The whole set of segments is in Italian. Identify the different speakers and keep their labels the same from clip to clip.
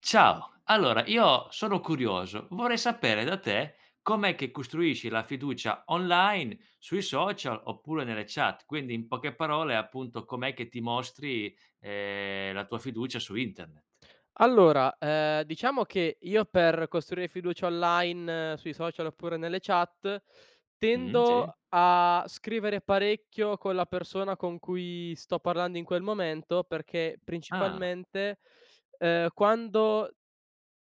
Speaker 1: Ciao. Allora io sono curioso: vorrei sapere da te, com'è che costruisci la fiducia online sui social oppure nelle chat. Quindi in poche parole, appunto, com'è che ti mostri, ehm, la tua fiducia su internet.
Speaker 2: Allora, ehm, diciamo che io per costruire fiducia online sui social oppure nelle chat,
Speaker 1: Mh-mh, sì.
Speaker 2: tendo a scrivere parecchio con la persona con cui sto parlando in quel momento perché
Speaker 1: Ah.
Speaker 2: principalmente, ehm, quando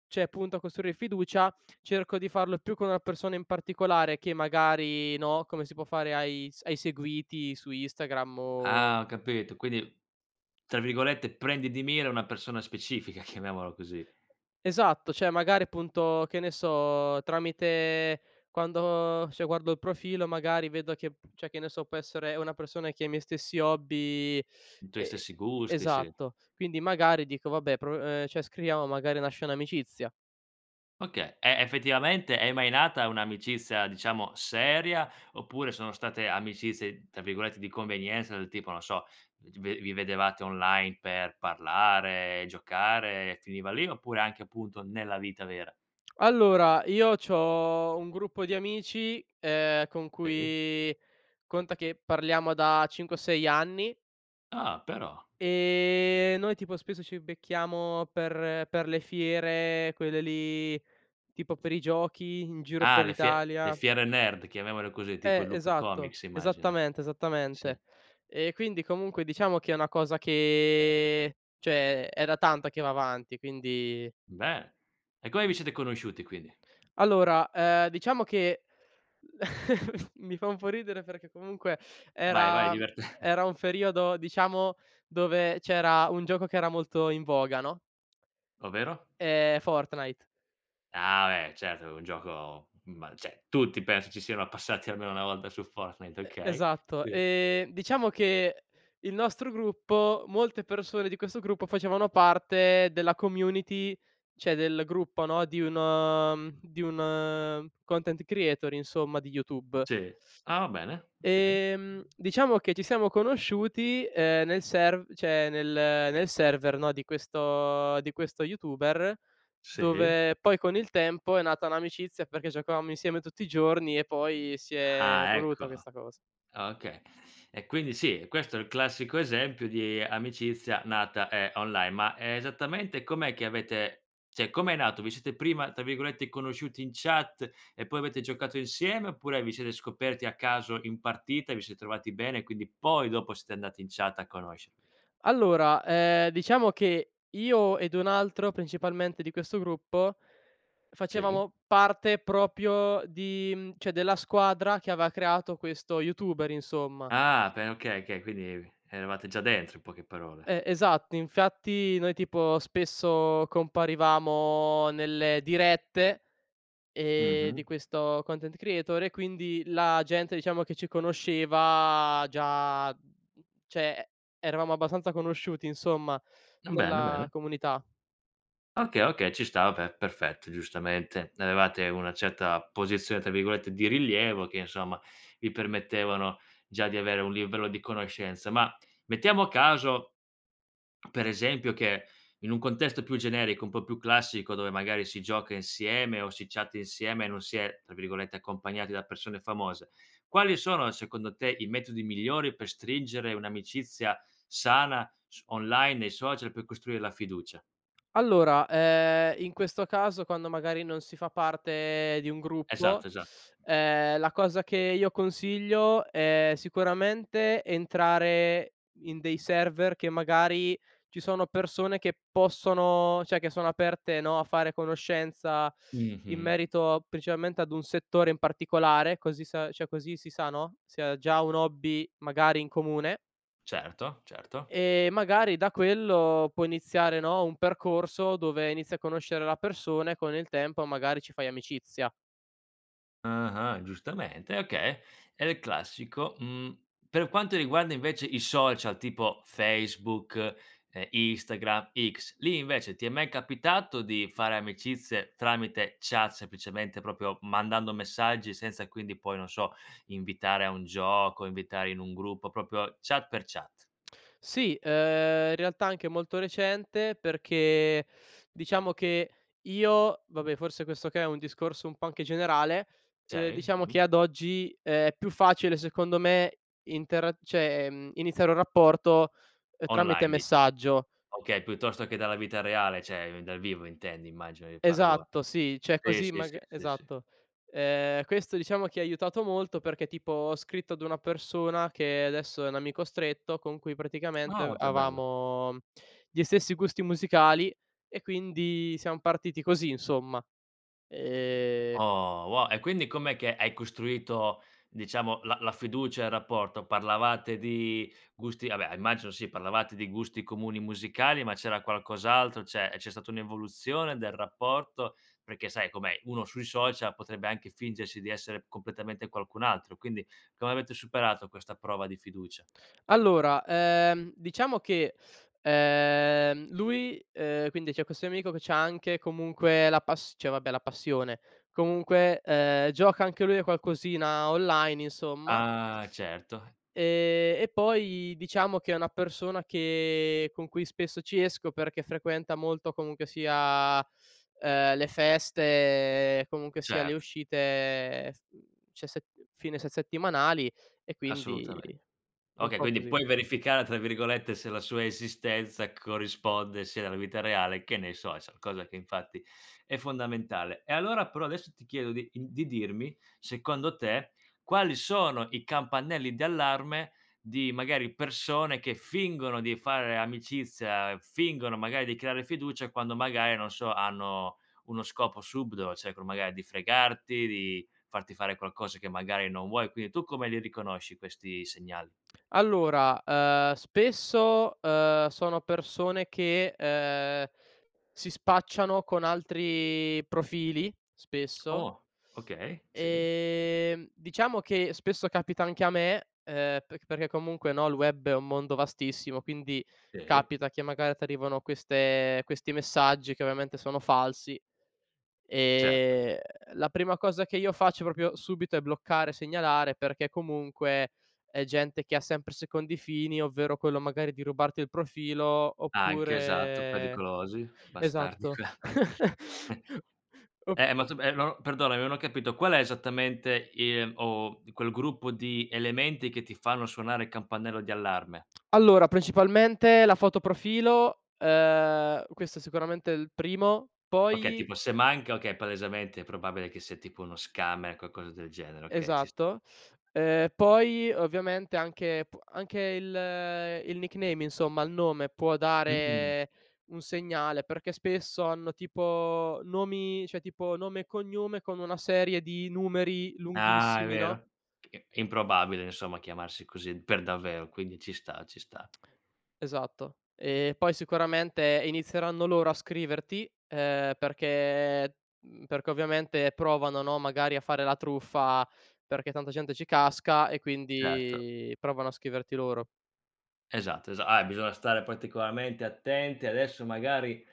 Speaker 2: cioè punto a costruire fiducia cerco di farlo più con una persona in particolare che magari, no, come si può fare ai s ai seguiti su Instagram o
Speaker 1: Ah, ho capito, quindi tra virgolette "prendi di mira" una persona specifica chiamiamolo così.
Speaker 2: Esatto, cioè magari, appunto, che ne so, tramite quando, cioè guardo il profilo, magari vedo che cioè, che ne so, può essere una persona che ha i miei stessi hobby
Speaker 1: I tuoi
Speaker 2: e
Speaker 1: stessi gusti, sì.
Speaker 2: esatto. Quindi magari dico: “Vabbè, prov ehm, cioè scriviamo, magari nasce un'amicizia”.
Speaker 1: Okay, e effettivamente è mai nata un'amicizia diciamo seria, oppure sono state amicizie tra virgolette "di convenienza", del tipo non so, vi g vi vedevate online per parlare, giocare, finiva lì oppure anche appunto, nella vita vera?
Speaker 2: Allora, io c’ho un gruppo di amici, ehm, con
Speaker 1: Sì.
Speaker 2: cui conta che parliamo da 5 o 6 anni
Speaker 1: Ah, però.
Speaker 2: ehm, noi tipo spesso ci becchiamo per per le fiere, quelle lì tipo per i giochi in giro
Speaker 1: Ah
Speaker 2: per
Speaker 1: le fie le
Speaker 2: l’Italia.
Speaker 1: fiere nerd, chiamiamole così, tipo
Speaker 2: Eh
Speaker 1: il Lucca
Speaker 2: esatto.
Speaker 1: Comics immagino.
Speaker 2: Esattamente,
Speaker 1: Sì.
Speaker 2: esattamente. Ehm, quindi comunque diciamo che è una cosa che cioè è da tanto che va avanti quindi
Speaker 1: Beh. E come vi siete conosciuti quindi?
Speaker 2: Allora, ehm, diciamo che mi fa un po’ ridere perché comunque
Speaker 1: Vai, vai
Speaker 2: era, mhmm
Speaker 1: divertente.
Speaker 2: era un periodo, diciamo, dove c’era un gioco che era molto in voga, no.
Speaker 1: Ovvero?
Speaker 2: Ehm, Fortnite.
Speaker 1: Ah beh, certo è un gioco ma cioè tutti penso ci siano passati almeno una volta su Fortnite;
Speaker 2: E
Speaker 1: okay,
Speaker 2: esatto.
Speaker 1: sì.
Speaker 2: Ehm, diciamo che il nostro gruppo molte persone di questo gruppo facevano parte della community cioè del gruppo, no, di uno, mhmm di un content creator, insomma, di YouTube.
Speaker 1: Sì. Ah va bene, okay.
Speaker 2: Ehm, diciamo che ci siamo conosciuti, ehm, nel serv cioè nel nel server, no, di questo di questo YouTuber,
Speaker 1: Sì.
Speaker 2: dove poi con il tempo è nata un'amicizia perché giocavamo insieme tutti i giorni e poi si è
Speaker 1: Ah
Speaker 2: evoluta
Speaker 1: ecco.
Speaker 2: questa cosa.
Speaker 1: Okay, e quindi sì, questo è il classico esempio di amicizia nata, ehm, online, ma esattamente com'è che avete cioè com'è nato? Vi siete prima, tra virgolette, "conosciuti in chat" e poi avete giocato insieme, oppure vi siete scoperti a caso in partita e vi siete trovati bene quindi poi dopo siete andati in chat a conoscervi?
Speaker 2: Allora, ehm, diciamo che io ed un altro principalmente di questo gruppo,
Speaker 1: Sì.
Speaker 2: facevamo parte proprio di, mhmm, cioè della squadra che aveva creato questo YouTuber, insomma.
Speaker 1: Ah pe okay, okay, quindi eravate già dentro in poche parole.
Speaker 2: E esatto, infatti noi tipo spesso comparivamo nelle dirette, ehm, di
Speaker 1: Mh-mh.
Speaker 2: questo content creator e quindi la gente, diciamo che ci conosceva già mhmm, cioè eravamo abbastanza conosciuti, insomma,
Speaker 1: Bene,
Speaker 2: nella
Speaker 1: bene.
Speaker 2: comunità.
Speaker 1: Okay okay, ci sta, vabbè, perfetto, giustamente, avevate una certa "posizione" tra virgolette di rilievo che, insomma, vi permettevano già di avere un libero di conoscenza; ma, mettiamo caso, per esempio che in un contesto più generico, un po' più classico dove magari si gioca insieme o si chatta insieme e non si è, tra virgolette, "accompagnati" da persone famose, quali sono secondo te i metodi migliori per stringere un'amicizia sana s online e social per costruire la fiducia?
Speaker 2: Allora, ehm, in questo caso quando magari non si fa parte di un gruppo,
Speaker 1: Esatto, esatto.
Speaker 2: ehm, la cosa che io consiglio è sicuramente entrare in dei server che magari ci sono persone che possono cioè che sono aperte, no, a fare conoscenza in
Speaker 1: Mh-mh.
Speaker 2: merito principalmente ad un settore in particolare, così sa cioè così si sa, no, se ha già un hobby magari in comune
Speaker 1: Certo, certo.
Speaker 2: e magari da quello può iniziare, no, un percorso dove inizi a conoscere la persona e con il tempo magari ci fai amicizia.
Speaker 1: Ah-ah, giustamente e okay: è il classico. Mhmm, per quanto riguarda invece i social tipo Facebook, ehm, Instagram, X, lì invece ti è mai capitato di fare amicizie tramite chat semplicemente proprio mandando messaggi senza quindi poi non so, invitare a un gioco, invitare in un gruppo, proprio chat per chat?
Speaker 2: Sì, ehm, in realtà anche molto recente perché diciamo che io, vabbè forse questo che è un discorso un po’ anche generale, ehm,
Speaker 1: Cioè i
Speaker 2: diciamo che
Speaker 1: dimmi.
Speaker 2: ad oggi è più facile secondo me intera cioè, mhmm, iniziare un rapporto, ehm, tramite
Speaker 1: Online dic
Speaker 2: messaggio.
Speaker 1: Okay, piuttosto che dalla vita reale cioè, ehm, dal vivo intendi immagino il paragon
Speaker 2: Esatto sì, cioè
Speaker 1: Sì,
Speaker 2: così
Speaker 1: sì, sì,
Speaker 2: maga
Speaker 1: sì, sì.
Speaker 2: esatto. Ehm, questo diciamo che ha aiutato molto perché tipo ho scritto ad una persona che adesso è un amico stretto con cui praticamente a
Speaker 1: Oh, che bello.
Speaker 2: avevamo gli stessi gusti musicali e quindi siam partiti così, insomma. Ehm
Speaker 1: Oh wo e quindi com'è che hai costruito diciamo la la fiducia e il rapporto? Parlavate di gusti vabbè, immagino sì parlavate di gusti comuni musicali ma c'era qualcos'altro, cioè c'è stata un'evoluzione del rapporto? Perché sai com'è, uno sui social potrebbe anche fingersi di essere completamente qualcun altro, quindi come avete superato questa prova di fiducia?
Speaker 2: Allora, ehm, diciamo che, ehm, lui, ehm quindi c’è questo mio amico che c’ha anche, comunque, la pas cioè vabbè la passione, comunque ehm, gioca anche lui a qualcosina online insomma;
Speaker 1: Ah certo.
Speaker 2: ehm, e poi diciamo che è una persona che con cui spesso ci esco perché frequenta molto comunque sia, ehm, le feste, comunque sia le
Speaker 1: Cert
Speaker 2: uscite s mhmm ce se mhmm, fine se settimanali e quindi
Speaker 1: Assolutamente.
Speaker 2: un
Speaker 1: Okay,
Speaker 2: po’
Speaker 1: quindi
Speaker 2: così.
Speaker 1: puoi "verificare", tra virgolette, se la sua esistenza corrisponde sia nella vita reale, che ne so, e so cosa che infatti è fondamentale. E allora però adesso ti chiedo di, ehm di dirmi secondo te quali sono i campanelli di allarme di magari persone che fingono di fare amicizia, fingono magari di creare fiducia, quando magari, non so, hanno uno scopo subdolo, cercano magari di fregarti, di farti fare qualcosa che magari non vuoi; quindi tu come li riconosci questi segnali?
Speaker 2: Allora, ehm, spesso, ehm, sono persone che, ehm, si spacciano con altri profili, spesso.
Speaker 1: Oh. Okay, sì.
Speaker 2: Ehm, diciamo che spesso capita anche a me, ehm, perc perché comunque, no, il web è un mondo vastissimo, quindi
Speaker 1: Sì.
Speaker 2: capita che magari t'arrivano queste questi messaggi che ovviamente sono falsi.
Speaker 1: Certo.
Speaker 2: Ehm, la prima cosa che io faccio proprio subito è bloccare, segnalare, perché comunque è gente che ha sempre secondi fini, ovvero quello magari di rubarti il profilo
Speaker 1: Anche, esatto,
Speaker 2: oppure
Speaker 1: pericolosi. Bastardi
Speaker 2: esatto.
Speaker 1: qua
Speaker 2: Op
Speaker 1: ehm, ma tu ma, ehm, no perdonami, non ho capito qual è esattamente i ehm, o di quel gruppo di elementi che ti fanno suonare il campanello di allarme?
Speaker 2: Allora, principalmente la foto profilo, ehm, questo è sicuramente il primo.
Speaker 1: Okay,
Speaker 2: Poi
Speaker 1: tipo se manca okay, palesemente è probabile che sia tipo uno scammer, qualcosa del genere, okay, ci sta.
Speaker 2: Esatto. Ehm, poi ovviamente anche pua anche il il nickname insomma, il nome può
Speaker 1: Mh-mh.
Speaker 2: dare un segnale perché spesso hanno tipo nomi cioè tipo nome e cognome con una serie di numeri
Speaker 1: Ah, è
Speaker 2: lunghissimi, no.
Speaker 1: vero. Perchè è improbabile insomma chiamarsi così per davvero, quindi ci sta, ci sta.
Speaker 2: Esatto. Ehm, poi sicuramente inizieranno loro a scriverti, ehm, perché, mhmm perché ovviamente provano, no, magari a fare la truffa perché tanta gente ci casca e
Speaker 1: Certo.
Speaker 2: quindi provano a scriverti loro.
Speaker 1: Esatto, esa ah, e bisogna stare particolarmente attenti adesso magari,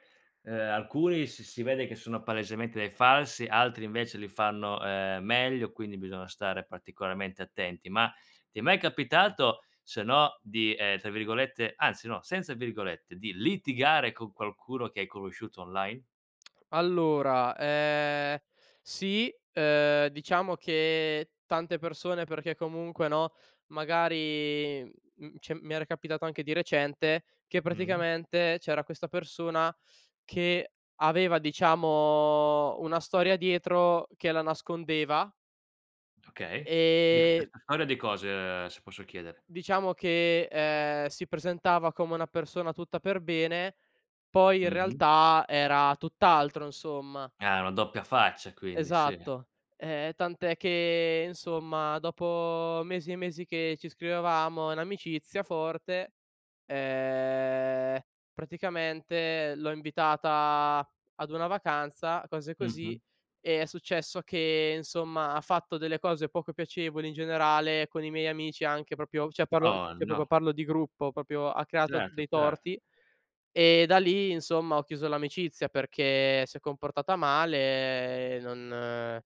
Speaker 1: ehm, alcuni s si vede che sono palesemente dei falsi, altri invece li fanno, ehm, meglio quindi bisogna stare particolarmente attenti. Ma ti è mai capitato se no di, ehm, tra virgolette anzi no, senza virgolette, di litigare con qualcuno che hai conosciuto online?
Speaker 2: Allora, ehm, sì, ehm, diciamo che tante persone perché comunque, no, magari, mhmm cioè mi era capitato anche di recente, che
Speaker 1: Mh-mh.
Speaker 2: praticamente c’era questa persona che aveva, diciamo, una storia dietro che la nascondeva
Speaker 1: Okay,
Speaker 2: ehm
Speaker 1: [unintelligible] storie di cose, se posso chiedere?
Speaker 2: diciamo che, ehm, si presentava come una persona tutta per bene poi in
Speaker 1: Mh-mh.
Speaker 2: realtà era tutt’altro, insomma.
Speaker 1: Ah, una doppia faccia quindi, sì.
Speaker 2: Esatto. Ehm, tant'è che, insomma, dopo mesi e mesi che ci scrivevamo in amicizia forte, ehm, praticamente l'ho invitata ad una vacanza, cose così,
Speaker 1: Mh-mh.
Speaker 2: e è successo che, insomma, ha fatto delle cose poco piacevoli in generale con i miei amici anche proprio cioè parlo
Speaker 1: Oh
Speaker 2: cioè
Speaker 1: no.
Speaker 2: proprio parlo di gruppo, proprio ha creato
Speaker 1: Certo,
Speaker 2: dei
Speaker 1: certo.
Speaker 2: torti; e da lì, insomma, ho chiuso l'amicizia perché si è comportata male e non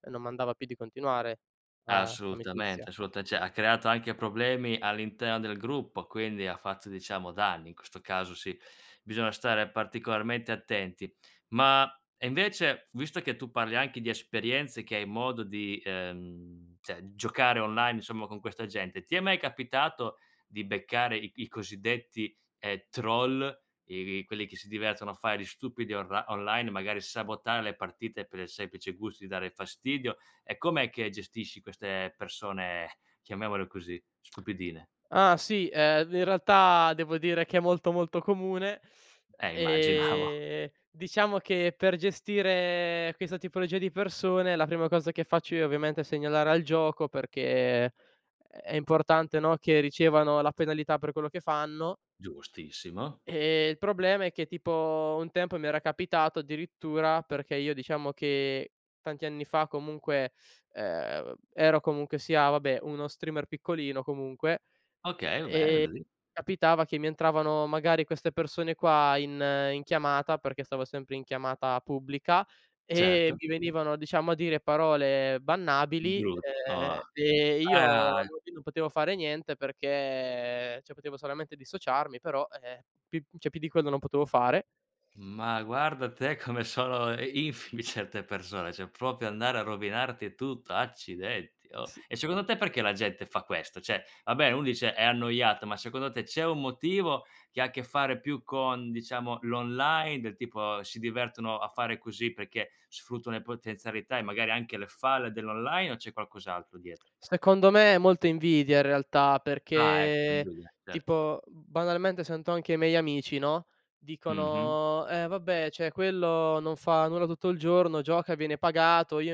Speaker 2: e non m'andava più di continuare la l'amicizia.
Speaker 1: Assolutamente, assolutame cioè ha creato anche problemi all'interno del gruppo, quindi ha fatto diciamo danni, in questo caso sì, bisogna stare particolarmente attenti; ma, e invece visto che tu parli anche di esperienze che hai modo di, ehm cioè giocare online insomma con questa gente, ti è mai capitato di beccare i i cosiddetti, ehm, troll, e e quelli che si divertono a fare gli stupidi orli online, magari sabotare le partite per il semplice gusto di dare fastidio e com'è che gestisci queste persone chiamiamole così, stupidine?
Speaker 2: Ah sì, ehm, ve in realtà devo dire che è molto molto comune.
Speaker 1: Eh immaginavo.
Speaker 2: Ehm, diciamo che per gestire questa tipologia di persone la prima cosa che faccio io ovviamente è segnalare al gioco perché è è è importante, no, che ricevano la penalità per quello che fanno
Speaker 1: Giustissimo.
Speaker 2: ehm, il problema è che tipo un tempo mi era capitato addirittura, perché io diciamo che tanti anni fa, comunque, ehm, vab ero comunque sia, vabbè, uno streamer piccolino, comunque, e
Speaker 1: Okay, va bene. [unintelligible]
Speaker 2: e capitava che mi entravano magari queste persone qua in in chiamata perché stavo sempre in chiamata pubblica e
Speaker 1: Certo.
Speaker 2: mi venivano, diciamo, a dire parole bannabili,
Speaker 1: Giust oh.
Speaker 2: ehm ehm, io alla
Speaker 1: Ah!
Speaker 2: fine non potevo fare niente perché cioè, potevo solamente dissociarmi, però, e eh, pi cioè più di quello non potevo fare.
Speaker 1: Ma guarda te come sono i infide certe persone, cioè proprio andare a rovinarti tutto, accidenti oh!
Speaker 2: S
Speaker 1: E secondo te perché la gente fa questo? Cioè, va beh uno dice: "È annoiato", ma secondo te c'è un motivo che ha che fare più con, diciamo, l'online, del tipo si divertono a fare così perché sfruttano le potenzialità e magari anche le falle dell'online, o c'è qualcos'altro dietro?
Speaker 2: Secondo me è molta invidia in realtà,
Speaker 1: Ah ecco,
Speaker 2: perché
Speaker 1: [unintelligible] certo.
Speaker 2: tipo, mhmm, banalmente sento anche i miei amici, no,
Speaker 1: Mh-mh.
Speaker 2: dicono: “Eh vabbè, cioè quello non fa nulla tutto il giorno, gioca, viene pagato, io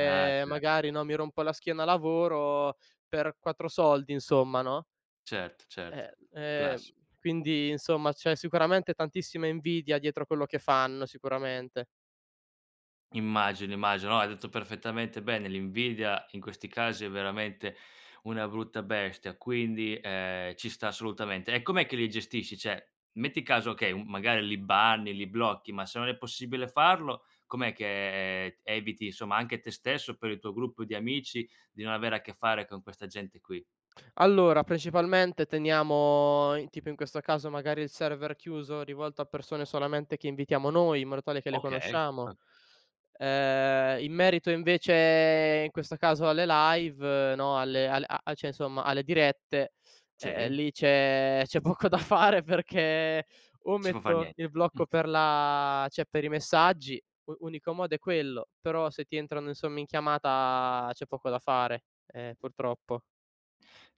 Speaker 1: Ah cer
Speaker 2: magari, no, mi rompo la schiena a lavoro per 4 soldi”, insomma, no.
Speaker 1: Certo, certo.
Speaker 2: Ehm ehm,
Speaker 1: Classi
Speaker 2: quindi insomma c'è sicuramente tantissima invidia dietro quello che fanno sicuramente.
Speaker 1: Immagino, immagino, no, hai detto perfettamente bene: l'invidia in questi casi è veramente una brutta bestia, quindi, ehm, ci sta assolutamente. E com'è che li gestisci? Cioè, metti caso, okay, uhm, magari li banni li blocchi, ma se non è possibile farlo com'è che, ehm, eviti insomma anche te stesso, per il tuo gruppo di amici di non avere a che fare con questa gente qui?
Speaker 2: Allora, principalmente teniamo in tipo in questo caso magari il server chiuso, rivolto a persone solamente che invitiamo noi, in modo tale che le
Speaker 1: Okay.
Speaker 2: conosciamo.
Speaker 1: Ok
Speaker 2: Ehm, in merito invece in questo caso alle live, no, alle a a cioè, insomma, alle dirette, e ehm,
Speaker 1: Sì.
Speaker 2: lì c'è c'è poco da fare perché o
Speaker 1: Si può far
Speaker 2: metto il
Speaker 1: niente. Mh.
Speaker 2: blocco per la cioè per i messaggi, u unico modo è quello; però se ti entrano, insomma, in chiamata c'è poco da fare, eh, purtroppo.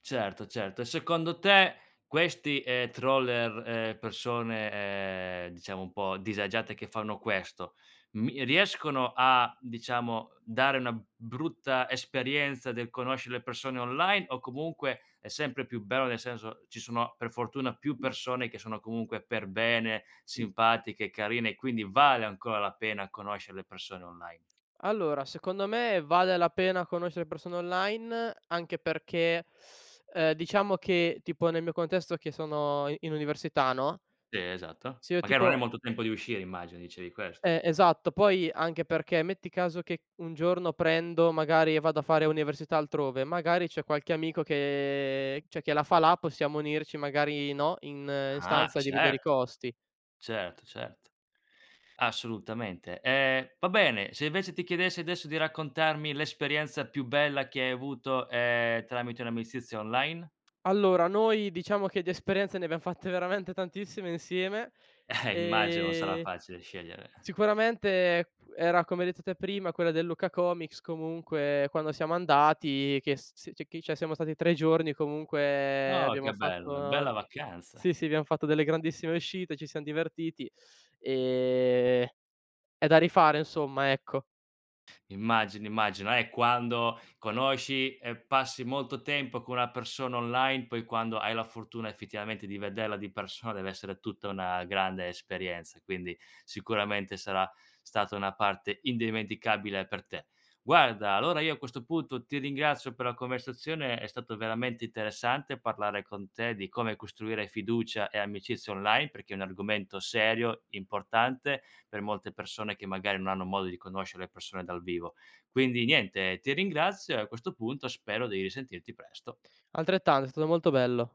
Speaker 1: Certo, certo, e secondo te questi, ehm, troller ehm, persone, ehm, diciamo un po' disagiate che fanno questo mi riescono a, diciamo, dare una brutta esperienza del conoscere le persone online o comunque è sempre più bello nel senso, ci sono per fortuna più persone che sono comunque per bene, simpatiche, carine e quindi vale ancora la pena conoscere le persone online?
Speaker 2: Allora, secondo me vale la pena conoscere persone online, anche perché, ehm, diciamo che, tipo nel mio contesto che sono i in università, no
Speaker 1: Si esatto.
Speaker 2: se io
Speaker 1: Magari non hai
Speaker 2: tipo
Speaker 1: molto tempo di uscire immagino, dicevi questo.
Speaker 2: Eh esatto. Poi anche perché metti caso che un giorno prendo magari e vado a fare università altrove, magari c’è qualche amico che cioè che la fa la, possiamo unirci magari, no, in in
Speaker 1: Ah
Speaker 2: stanza, dividere i
Speaker 1: certo.
Speaker 2: costi.
Speaker 1: Certo, certo. Assolutamente, ehm, va bene. Se invece ti chiedessi adesso di raccontarmi l'esperienza più bella che hai avuto, ehm, tramite un'amicizia online?
Speaker 2: Allora noi diciamo che di esperienze ne abbiam fatte veramente tantissime insieme.
Speaker 1: Eh immagino, non sarà
Speaker 2: Ehm,
Speaker 1: facile scegliere.
Speaker 2: sicuramente era come hai detto te prima, quella del Lucca Comics comunque quando siamo andati che s s c'è chi cioè siamo stati 3 giorni comunque
Speaker 1: Oh
Speaker 2: abbiamo
Speaker 1: che bello,
Speaker 2: fatto
Speaker 1: una bella
Speaker 2: nol
Speaker 1: vacanza!
Speaker 2: sì, sì abbiam fatto delle grandissime uscite, ci siam divertiti; ehm, è da rifare insomma, ecco.
Speaker 1: Immagino, immagino. Eh, quando conosci e passi molto tempo con una persona online, poi quando hai la fortuna effettivamente di vederla di persona deve essere tutta una grande esperienza, quindi sicuramente sarà stata una parte indimenticabile per te. Guarda allora io a questo punto ti ringrazio per la conversazione, è stato veramente interessante parlare con te di come costruire fiducia e amicizia online perché è un argomento serio, importante per molte persone che magari non hanno modo di conoscere le persone dal vivo. Quindi niente, ti ringrazio e a questo punto spero di risentirti presto.
Speaker 2: Altrettanto, è stato molto bello.